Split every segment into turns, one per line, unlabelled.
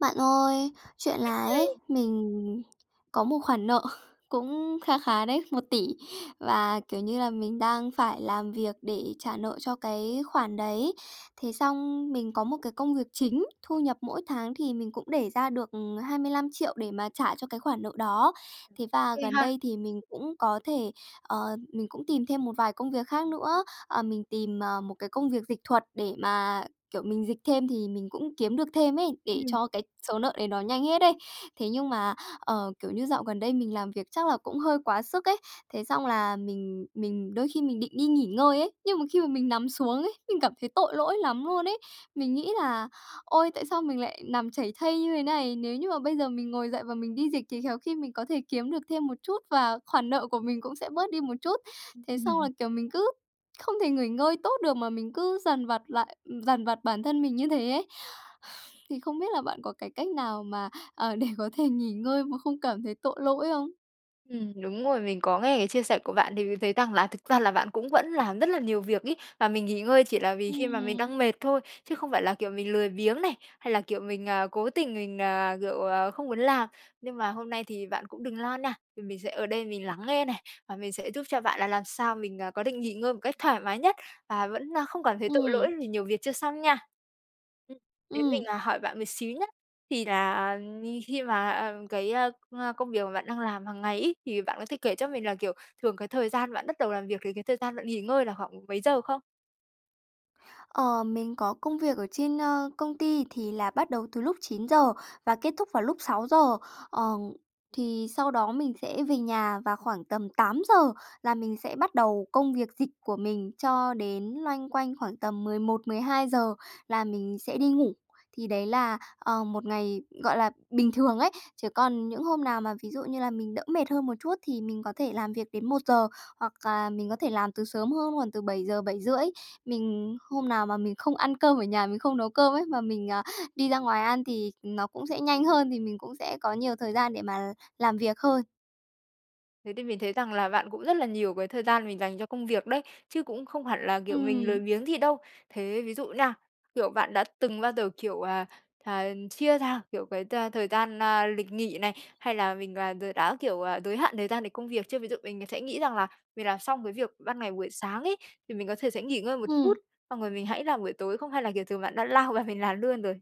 Bạn ơi, chuyện là ấy,
[unintelligible]
mình có một khoản nợ cũng kha khá đấy, 1.000.000.000 và, kiểu như là, mình đang phải làm việc để trả nợ cho cái khoản đấy. Thế xong mình có một cái công việc chính, thu nhập mỗi tháng thì mình cũng để ra được 25.000.000 để mà trả cho cái khoản nợ đó. Thế và
Ghê
gần
ha!
đây thì mình cũng có thể, ờ, mình cũng tìm thêm một vài công việc khác nữa. Ờ, mình tìm, ờ, một cái công việc dịch thuật để mà, kiểu, mình dịch thêm thì mình cũng kiếm được thêm ấy, để
Ừm.
cho cái số nợ đấy nó nhanh hết ấy. Thế nhưng mà, ờ, kiểu như dạo gần đây mình làm việc chắc là cũng hơi quá sức ấy. Thế xong là mình mình đôi khi mình định đi nghỉ ngơi ấy, nhưng mà khi mà mình nằm xuống ấy thì mình cảm thấy tội lỗi lắm luôn ấy. Mình nghĩ là, ôi, tại sao mình lại nằm chảy thây như thế này, nếu như mà bây giờ mình ngồi dậy và mình đi dịch thì khéo khi mình có thể kiếm được thêm một chút, và khoản nợ của mình cũng sẽ bớt đi một chút. Thế xong
Ừm.
là, kiểu, mình cứ không thể nghỉ ngơi tốt được, mà mình cứ dằn vặt lại dằn vặt bản thân mình như thế ấy. Thì không biết là bạn có cái cách nào mà, ờ, để có thể nghỉ ngơi mà không cảm thấy tội lỗi không?
Ừm, đúng rồi, mình có nghe cái chia sẻ của bạn thì mình thấy rằng là thực ra là bạn cũng vẫn làm rất là nhiều việc ấy. Và mình nghỉ ngơi chỉ là vì khi mà mình
Ừm.
đang mệt thôi, chứ không phải là, kiểu, mình lười biếng này. Hay là, kiểu, mình, à, cố tình mình, à, kiểu, ờ, không muốn làm. Nhưng mà hôm nay thì bạn cũng đừng lo nè, vì mình sẽ ở đây mình lắng nghe này, và mình sẽ giúp cho bạn là làm sao mình, ờ, có định nghỉ ngơi một cách thoải mái nhất, và vẫn không cảm thấy tội lỗi
Ừm.
vì nhiều việc chưa xong nha. Ừm. Thế mình,
Ừm.
à, hỏi bạn một xíu nhé. Thì là khi mà cái công công việc mà bạn đang làm hàng ngày ấy, thì bạn có thể kể cho mình là, kiểu, thường cái thời gian bạn bắt đầu làm việc, với cái thời gian bạn nghỉ ngơi là khoảng mấy giờ không?
Ờ, mình có công việc ở trên, ơ, công ty thì là bắt đầu từ lúc 9:00 và kết thúc vào lúc 6:00. Ờ, thì sau đó mình sẽ về nhà và khoảng tầm 8:00 là mình sẽ bắt đầu công việc dịch của mình cho đến loanh quanh khoảng tầm 11:00-12:00 là mình sẽ đi ngủ, thì đấy là, ờ, một ngày, gọi là, bình thường ấy. Chứ còn những hôm nào mà ví dụ như là mình đỡ mệt hơn một chút thì mình có thể làm việc đến 1:00, hoặc là mình có thể làm từ sớm hơn, khoảng từ 7:00-7:30. Mình hôm nào mà mình không ăn cơm ở nhà, mình không nấu cơm ấy, mà mình, à, đi ra ngoài ăn thì nó cũng sẽ nhanh hơn, thì mình cũng sẽ có nhiều thời gian để mà làm việc hơn.
Thế thì mình thấy rằng là bạn cũng rất là nhiều cái thời gian mình dành cho công việc đấy, chứ cũng không hẳn là, kiểu, mình lười
Ừm.
biếng gì đâu. Thế ví dụ nha, kiểu, bạn đã từng bao giờ, kiểu, à, à, chia ra, kiểu, cái t thời gian, a, lịch nghỉ này, hay là mình, à, đ đã, kiểu, giới hạn thời gian để công việc chưa? Ví dụ mình sẽ nghĩ rằng là mình làm xong cái việc ban ngày buổi sáng ấy thì mình có thể sẽ nghỉ ngơi một chút,
Ừm.
xong rồi mình hãy làm buổi tối không hay là, kiểu, thường bạn đã lao vào mình làm luôn rồi?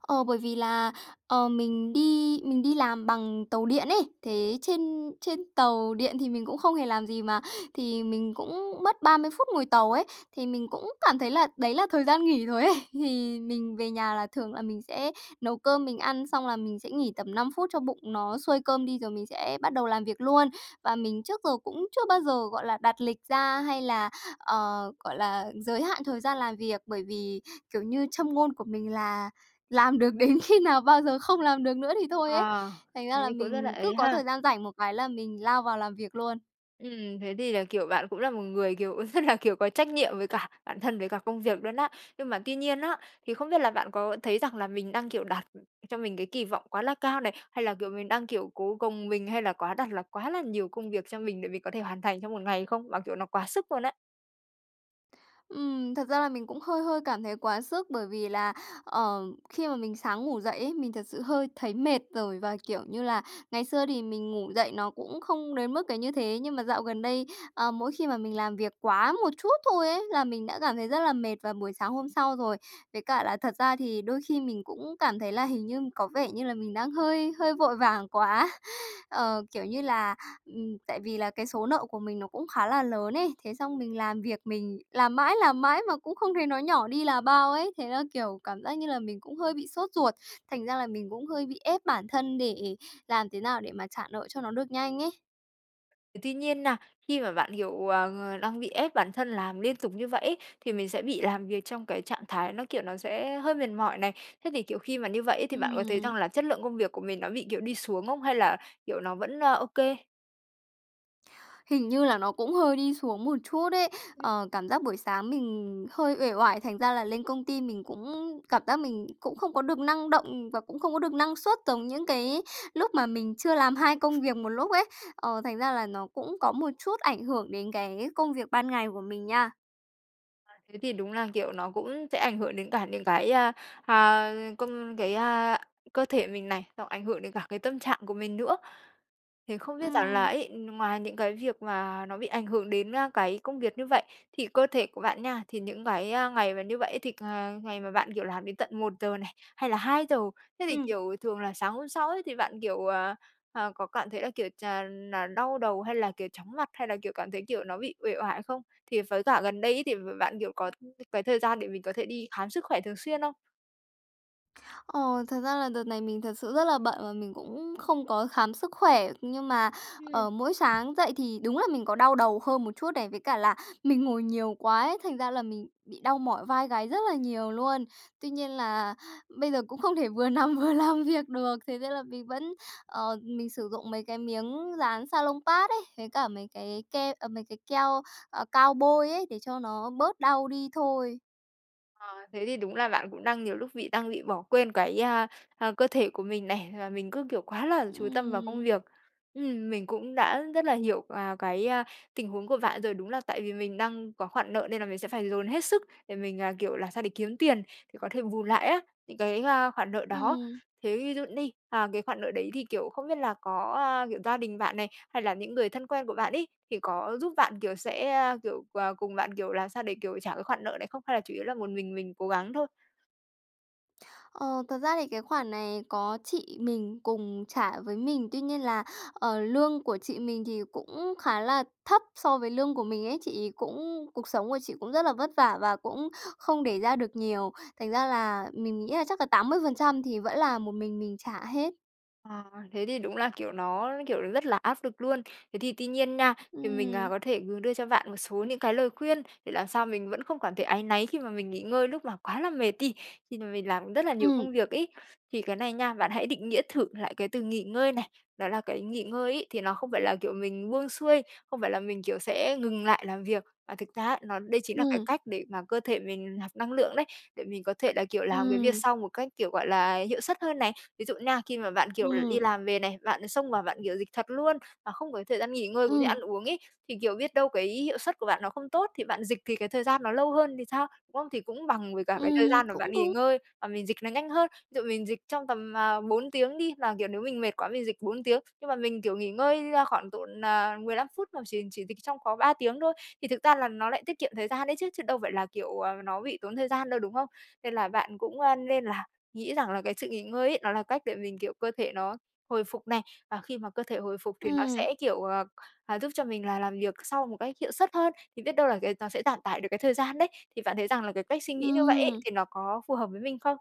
Ờ, bởi vì là, ờ, mình đi mình đi làm bằng tàu điện ấy, thế trên trên tàu điện thì mình cũng không hề làm gì mà, thì mình cũng mất 30 phút ngồi tàu ấy, thì mình cũng cảm thấy là đấy là thời gian nghỉ rồi ấy. Thì mình về nhà là thường là mình sẽ nấu cơm, mình ăn xong là mình sẽ nghỉ tầm 5 phút cho bụng nó xuôi cơm đi rồi mình sẽ bắt đầu làm việc luôn. Và mình trước giờ cũng chưa bao giờ, gọi là, đặt lịch ra hay là, ờ, gọi là, giới hạn thời gian làm việc, bởi vì, kiểu như, châm ngôn của mình là làm được đến khi nào bao giờ không làm được nữa thì thôi ấy,
Ờ.
thành ra là
Thế cũng rất là
mình cứ
ấy
có
ha.
thời gian rảnh một cái là mình lao vào làm việc luôn.
Ừm, thế thì là, kiểu, bạn cũng là một người, kiểu, rất là, kiểu, có trách nhiệm với cả bản thân với cả công việc luôn á! Nhưng mà tuy nhiên á, thì không biết là bạn có thấy rằng là mình đang, kiểu, đặt cho mình cái kỳ vọng quá là cao này, hay là, kiểu, mình đang, kiểu, cố gồng mình, hay là quá đặt là quá là nhiều công việc cho mình để mình có thể hoàn thành trong một ngày không? Mà kiểu nó quá sức luôn á!
Ừm, thật ra là mình cũng hơi hơi cảm thấy quá sức bởi vì là, ờ, khi mà mình sáng ngủ dậy ấy, mình thật sự hơi thấy mệt rồi và, kiểu như là, ngày xưa thì mình ngủ dậy nó cũng không đến mức cái như thế. Nhưng mà dạo gần đây, ờ, mỗi khi mà mình làm việc quá một chút thôi ấy, là mình đã cảm thấy rất là mệt vào buổi sáng hôm sau rồi. Với cả là thật ra thì đôi khi mình cũng cảm thấy là hình như có vẻ như là mình đang hơi hơi vội vàng quá. Ờ, kiểu như là, ừm, tại vì là cái số nợ của mình nó cũng khá là lớn ấy. Thế xong mình làm việc mình làm mãi, làm mãi mà cũng không thấy nó nhỏ đi là bao ấy, thế là, kiểu, cảm giác như là mình cũng hơi bị sốt ruột. Thành ra là mình cũng hơi bị ép bản thân để làm thế nào để mà trả nợ cho nó được nhanh ấy.
Tuy nhiên nha khi mà bạn, kiểu, ờ, đang bị ép bản thân làm liên tục như vậy ấy, thì mình sẽ bị làm việc trong cái trạng thái nó, kiểu, nó sẽ hơi mệt mỏi này. Thế thì, kiểu, khi mà như vậy ấy thì bạn có thấy
Ừm.
rằng là chất lượng công việc của mình nó bị, kiểu, đi xuống không hay là, kiểu, nó vẫn OK?
Hình như là nó cũng hơi đi xuống một chút ấy.
[unintelligible]
Ờ, cảm giác buổi sáng mình hơi uể oải, thành ra là lên công ty mình cũng cảm giác mình cũng không có được năng động và cũng không có được năng suất giống những cái lúc mà mình chưa làm hai công việc một lúc ấy. Ờ, thành ra là nó cũng có một chút ảnh hưởng đến cái công việc ban ngày của mình nha.
[unintelligible] Thế thì đúng là kiểu nó cũng sẽ ảnh hưởng đến cả những cái, à, a, công cái, a, cơ thể mình này, hoặc ảnh hưởng đến cả cái tâm trạng của mình nữa. Thì không biết rằng là
Ừm.
ấy, ừm, ngoài những cái việc mà nó bị ảnh hưởng đến, a, cái công việc như vậy, thì cơ thể của bạn nha, thì những cái, a, ngày mà như vậy á thì ờ, ngày mà bạn, kiểu, làm đến tận 1:00 này, hay là 2:00, thế thì,
Ừm.
kiểu, thường là sáng hôm sau ấy thì bạn, kiểu, ờ, ờ, có cảm thấy là, kiểu, ch là đau đầu hay là, kiểu, chóng mặt hay là, kiểu, cảm thấy kiểu nó bị uể oải không? Thì với cả gần đây ấy thì b bạn, kiểu, có [unintelligible] cái thời gian để mình có thể đi khám sức khỏe thường xuyên không?
Ồ, thật ra là đợt này mình thật sự rất là bận và mình cũng không có khám sức khỏe nhưng mà,
Ừm.
ờ, mỗi sáng dậy thì đúng là mình có đau đầu hơn một chút này, với cả là mình ngồi nhiều quá ấy, thành ra là mình bị đau mỏi vai gáy rất là nhiều luôn. Tuy nhiên là bây giờ cũng không thể vừa nằm vừa làm việc được. Thế nên là mình vẫn ờ, mình sử dụng mấy cái miếng dán Salonpas ấy, với cả mấy cái ke à, mấy cái keo, à, cao bôi ấy để cho nó bớt đau đi thôi.
Ờ, thế thì đúng là bạn cũng đang nhiều lúc bị đang bị bỏ quên cái, a, à, cơ thể của mình này, và mình cứ, kiểu, quá là chú tâm vào công
Ừm.
việc. Ừm, mình cũng đã rất là hiểu, à, cái, a, tình huống của bạn rồi. Đúng là tại vì mình đang có khoản nợ nên là mình sẽ phải dồn hết sức để mình, à, kiểu, là sao để kiếm tiền thì có thể bù lại á, những cái, ơ, khoản nợ đó.
Ừm.
Thế ví dụ đi, à, cái khoản nợ đấy thì, kiểu, không biết là có, ơ, kiểu, gia đình bạn này, hay là những người thân quen của bạn ấy, thì có giúp bạn, kiểu, sẽ, ơ, kiểu, ờ, cùng bạn, kiểu, làm sao để, kiểu, trả cái khoản nợ đấy không? Hay là chủ yếu là một mình mình cố gắng thôi?
Ờ, thật ra thì cái khoản này có chị mình cùng trả với mình. Tuy nhiên là, ờ, lương của chị mình thì cũng khá là thấp so với lương của mình ấy, chị ấy cũng cuộc sống của chị cũng rất là vất vả và cũng không để ra được nhiều. Thành ra là mình mình nghĩ là chắc là 80% thì vẫn là một mình mình trả hết.
À, thế thì đúng là, kiểu, nó, kiểu, rất là áp lực luôn. Thế thì tuy nhiên nha, thì mình, ờ,
Ừm.
có thể đưa cho bạn một số những cái lời khuyên để làm sao mình vẫn không cảm thấy áy náy khi mà mình nghỉ ngơi lúc mà quá là mệt đi. Thì vì làm rất là nhiều
Ừm.
công việc ấy. Thì cái này nha, bạn hãy định nghĩa thử lại cái từ nghỉ ngơi này. Đó là cái nghỉ ngơi ấy, thì nó không phải là, kiểu, mình buông xuôi, không phải là mình, kiểu, sẽ ngừng lại làm việc. Mà thực ra á, nó đây chính là cái
Ừm.
cách để mà cơ thể mình nạp năng lượng đấy, để mình có thể là, kiểu, làm cái việc
Ừm.
sau một cách, kiểu, gọi là, hiệu suất hơn này. Ví dụ nha, khi mà bạn, kiểu, đi
Ừm.
làm về này, bạn xông vào bạn, kiểu, dịch thuật luôn mà không có thời gian nghỉ ngơi cũng như ăn
Ừm.
uống ấy. Thì, kiểu, biết đâu cái hiệu suất của bạn nó không tốt thì bạn dịch thì cái thời gian nó lâu hơn thì sao, đúng không? Thì cũng bằng với cả cái thời
Ừm,
gian mà
cũng
bạn nghỉ
đúng.
ngơi và mình dịch nó nhanh hơn. Ví dụ mình dịch trong tầm, à, 4 tiếng đi. Mà, kiểu, nếu mình mệt quá mình dịch 4 tiếng, nhưng mà mình, kiểu, nghỉ ngơi, ơ, khoảng độ nà 15 phút mà chỉ chỉ dịch trong có 3 tiếng thôi. Thì thực ra là nó lại tiết kiệm thời gian đấy chứ, chứ đâu phải là, kiểu, ờ, nó bị tốn thời gian đâu, đúng không? Nên là bạn cũng, ơ, nên là nghĩ rằng là cái sự nghỉ ngơi ấy, nó là cách để mình, kiểu, cơ thể nó hồi phục này. Và khi mà cơ thể hồi phục thì nó
Ừm.
sẽ, kiểu, ờ, ờ, giúp cho mình là làm việc sau một cách hiệu suất hơn. Thì biết đâu cái nó sẽ giảm tải được cái thời gian đấy. Thì bạn thấy rằng là cái cách suy nghĩ như vậy ấy,
Ừm.
thì nó có phù hợp với mình không?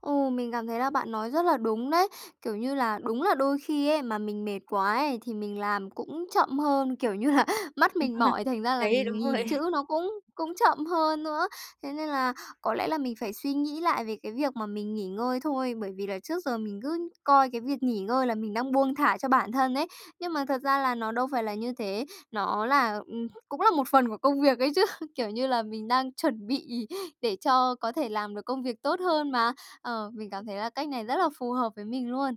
Ừ, mình cảm thấy là bạn nói rất là đúng đấy. Kiểu như là, đúng là đôi khi ấy mà mình mệt quá ấy thì mình làm cũng chậm hơn, kiểu như là mắt mình
[unintelligible]
mỏi thành ra là
Đấy, đúng
mình nhìn
rồi.
chữ nó cũng cũng chậm hơn nữa. Thế nên là có lẽ là mình phải suy nghĩ lại về cái việc mà mình nghỉ ngơi thôi, bởi vì là trước giờ mình cứ coi cái việc nghỉ ngơi là mình đang buông thả cho bản thân ấy. Nhưng mà thật ra là nó đâu phải là như thế, nó là, ừm, cũng là một phần của công việc ấy chứ, kiểu như là mình đang chuẩn bị để cho có thể làm được công việc tốt hơn mà. Ờ, mình cảm thấy là cách này rất là phù hợp với mình luôn.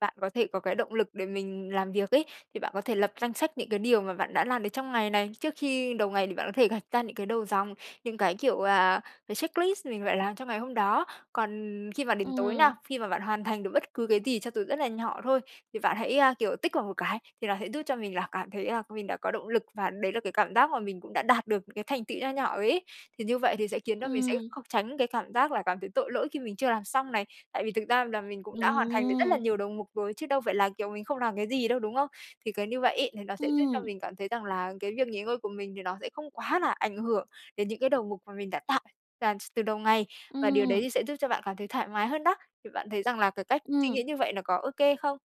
Bạn có thể có cái động lực để mình làm việc ấy thì bạn có thể lập danh sách những cái điều mà bạn đã làm được trong ngày này. Trước khi đầu ngày thì bạn có thể gạch ra những cái đầu dòng, những cái kiểu, à, cái checklist mình phải làm trong ngày hôm đó. Còn khi mà đến tối nào,
Ừm.
khi mà bạn hoàn thành được bất cứ cái gì cho dù rất là nhỏ thôi thì bạn hãy, ơ, kiểu, tích vào một cái, thì nó sẽ giúp cho mình là cảm thấy là mình đã có động lực và đấy là cái cảm giác mà mình cũng đã đạt được những cái thành tựu nho nhỏ rồi ấy. Thì như vậy thì sẽ khiến cho mình sẽ
Ừm.
không tránh cái cảm giác là cảm thấy tội lỗi khi mình chưa làm xong này. Tại vì thực ra là mình cũng đã hoàn thành được rất là
Ừm.
nhiều đầu mục rồi chứ đâu phải là kiểu mình không làm cái gì đâu, đúng không? Thì cái như vậy ấy thì nó sẽ giúp cho
Ừm.
mình cảm thấy rằng là cái việc nghỉ ngơi của mình thì nó sẽ không quá là ảnh hưởng đến những cái đầu mục mà mình đã tạo ra s từ đầu ngày, và điều đấy
Ừm.
thì sẽ giúp cho bạn cảm thấy thoải mái hơn đó. Thì bạn thấy rằng là cái cách suy nghĩ
Ừm.
như vậy nó có ô kê không?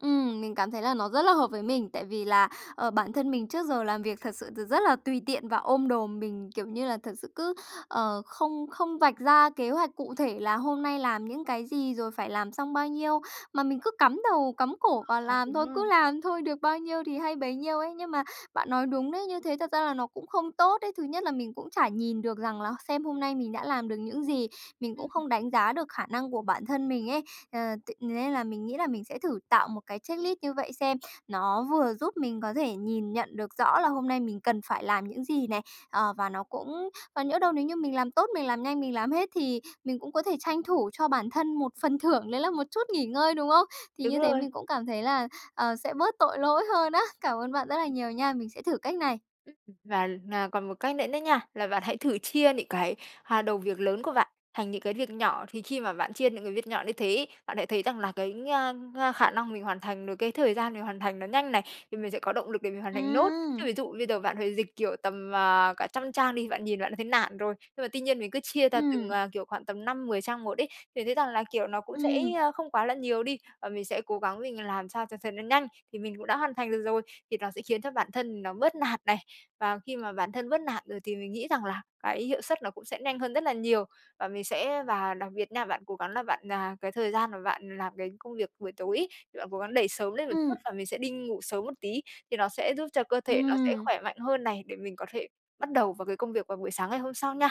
Ừm, mình cảm thấy là nó rất là hợp với mình tại vì là, ờ, bản thân mình trước giờ làm việc thật sự thì rất là tùy tiện và ôm đồm. Mình, kiểu như là, thật sự cứ, ờ, không không vạch ra kế hoạch cụ thể là hôm nay làm những cái gì, rồi phải làm xong bao nhiêu, mà mình cứ cắm đầu cắm cổ vào
Ờ,
làm
đúng
thôi, cứ
rồi.
làm thôi được bao nhiêu thì hay bấy nhiêu ấy. Nhưng mà bạn nói đúng đấy, như thế thật ra là nó cũng không tốt đấy. Thứ nhất là mình cũng chả nhìn được rằng là xem hôm nay mình đã làm được những gì, mình
Ừm.
cũng không đánh giá được khả năng của bản thân mình ấy. Ờ, t nên là mình nghĩ là mình sẽ thử tạo một cái checklist như vậy xem. Nó vừa giúp mình có thể nhìn nhận được rõ là hôm nay mình cần phải làm những gì này, ờ, và nó cũng còn nhỡ đâu nếu như mình làm tốt, mình làm nhanh, mình làm hết thì mình cũng có thể tranh thủ cho bản thân một phần thưởng đấy là một chút nghỉ ngơi, đúng không? Thì
Đúng
như thế
rồi.
mình cũng cảm thấy là, ờ, sẽ bớt tội lỗi hơn á. Cảm ơn bạn rất là nhiều nha, mình sẽ thử cách này!
Ừm. Và, ờ, còn một cách nữa đó nha, là bạn hãy thử chia những cái hà đầu việc lớn của bạn thành những cái việc nhỏ. Thì khi mà bạn chia những cái việc nhỏ như thế ấy, bạn sẽ thấy rằng là cái, a, a, khả năng mình hoàn thành rồi cái thời gian mình hoàn thành nó nhanh này, thì mình sẽ có động lực để mình hoàn thành nốt. Chứ
Ừm.
ví dụ bây giờ bạn phải dịch, kiểu, tầm, à, cả trăm trang đi, bạn nhìn bạn đã thấy nản rồi. Nhưng mà tuy nhiên mình cứ chia ra từng,
Ừm.
à, kiểu, khoảng tầm 5-10 trang một ấy, thì thấy rằng là, kiểu, nó cũng sẽ
Ừm.
không quá là nhiều đi. Và mình sẽ cố gắng mình làm sao cho thật là nhanh, thì mình cũng đã hoàn thành được rồi thì nó sẽ khiến cho bản thân mình nó bớt nản này. Và khi mà bản thân bớt nản rồi thì mình nghĩ rằng là cái hiệu suất nó cũng sẽ nhanh hơn rất là nhiều. Và mình sẽ và đặc biệt nha, bạn cố gắng là bạn, à cái thời gian mà bạn làm cái công việc buổi tối ấy thì bạn cố gắng đẩy sớm lên một chút,
Ừm.
và mình sẽ đi ngủ sớm một tí thì nó sẽ giúp cho cơ thể nó sẽ
Ừm.
khỏe mạnh hơn này để mình có thể bắt đầu vào cái công việc vào buổi sáng ngày hôm sau nha.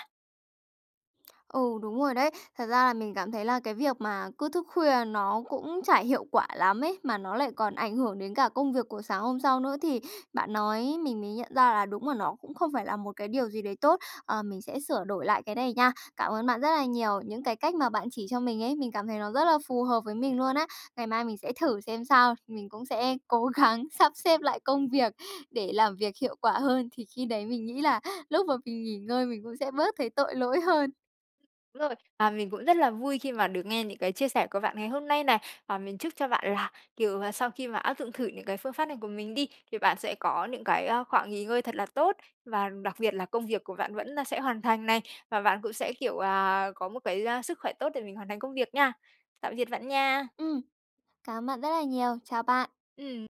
Ừ, đúng rồi đấy. Thật ra là mình cảm thấy là cái việc mà cứ thức khuya nó cũng chả hiệu quả lắm ấy, mà nó lại còn ảnh hưởng đến cả công việc của sáng hôm sau nữa. Thì bạn nói mình mới nhận ra là đúng là nó cũng không phải là một cái điều gì đấy tốt. Ờ, mình sẽ sửa đổi lại cái này nha, cảm ơn bạn rất là nhiều. Những cái cách mà bạn chỉ cho mình ấy, mình cảm thấy nó rất là phù hợp với mình luôn á, ngày mai mình sẽ thử xem sao. Mình cũng sẽ cố gắng sắp xếp lại công việc để làm việc hiệu quả hơn, thì khi đấy mình nghĩ là lúc mà mình nghỉ ngơi mình cũng sẽ bớt thấy tội lỗi hơn.
Đúng rồi, và mình cũng rất là vui khi mà được nghe những cái chia sẻ của bạn ngày hôm nay này. Và mình chúc cho bạn là, kiểu, sau khi mà áp dụng thử những cái phương pháp này của mình đi, thì bạn sẽ có những cái, à, khoảng nghỉ ngơi thật là tốt, và đặc biệt là công việc của bạn vẫn, à, sẽ hoàn thành này. Và bạn cũng sẽ, kiểu, à, có một cái sức khỏe tốt để mình hoàn thành công việc nha. Tạm biệt bạn nha!
Ừm. Cảm ơn bạn rất là nhiều! Chào bạn!
Ừm.